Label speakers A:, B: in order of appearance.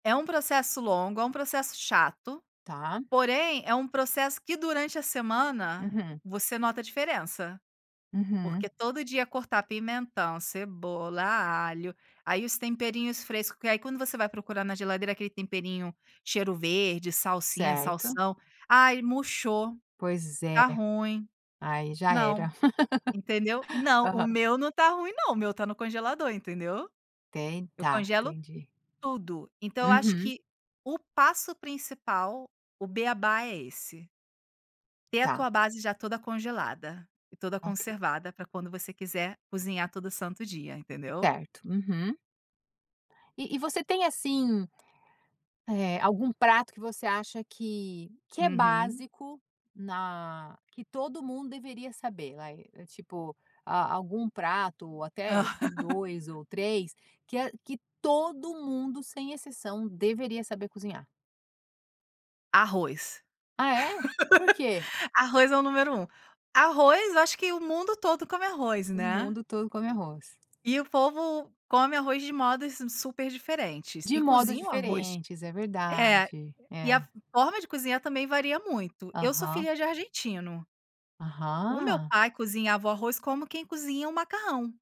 A: É um processo longo, é um processo chato,
B: Tá.
A: porém, é um processo que, durante a semana,
B: Uhum.
A: você nota a diferença. Porque
B: Uhum.
A: todo dia cortar pimentão, cebola, alho aí os temperinhos fresco que aí, quando você vai procurar na geladeira aquele temperinho, cheiro-verde, salsinha,
B: Certo.
A: salsão "Ai, murchou.
B: Pois é.
A: Tá ruim."
B: Aí, já
A: Não.
B: era.
A: Entendeu, não, o
B: Aham.
A: meu não tá ruim, não. O meu tá no congelador, entendeu. Eu
B: Tentar.
A: congelo
B: Entendi.
A: tudo. Então eu acho
B: Uhum.
A: que o passo principal, o bê-á-bá é esse. Ter a tua
B: Tá.
A: base já toda congelada. E toda
B: OK.
A: conservada pra quando você quiser cozinhar todo santo dia, entendeu.
B: Certo. Uhum. E e você tem, assim, eh, algum prato que você acha que que é
A: Uhum.
B: básico na que todo mundo deveria saber, vai, tipo, a algum prato ou até 2 ou 3, que a que todo mundo, sem exceção, deveria saber cozinhar?
A: Arroz.
B: Ah, é? Por quê?
A: Arroz é o número 1. Arroz eu acho que o mundo todo come arroz,
B: O
A: né.
B: mundo todo come arroz.
A: E o povo come arroz de modos super diferentes,
B: De
A: e
B: modo
A: cozinha o arroz.
B: diferentes. É
A: É.
B: verdade.
A: E a
B: É.
A: forma de cozinhar também varia muito. Eu sou
B: Aham.
A: filha de argentino. O meu
B: Aham.
A: pai cozinhava o arroz como quem cozinha o macarrão.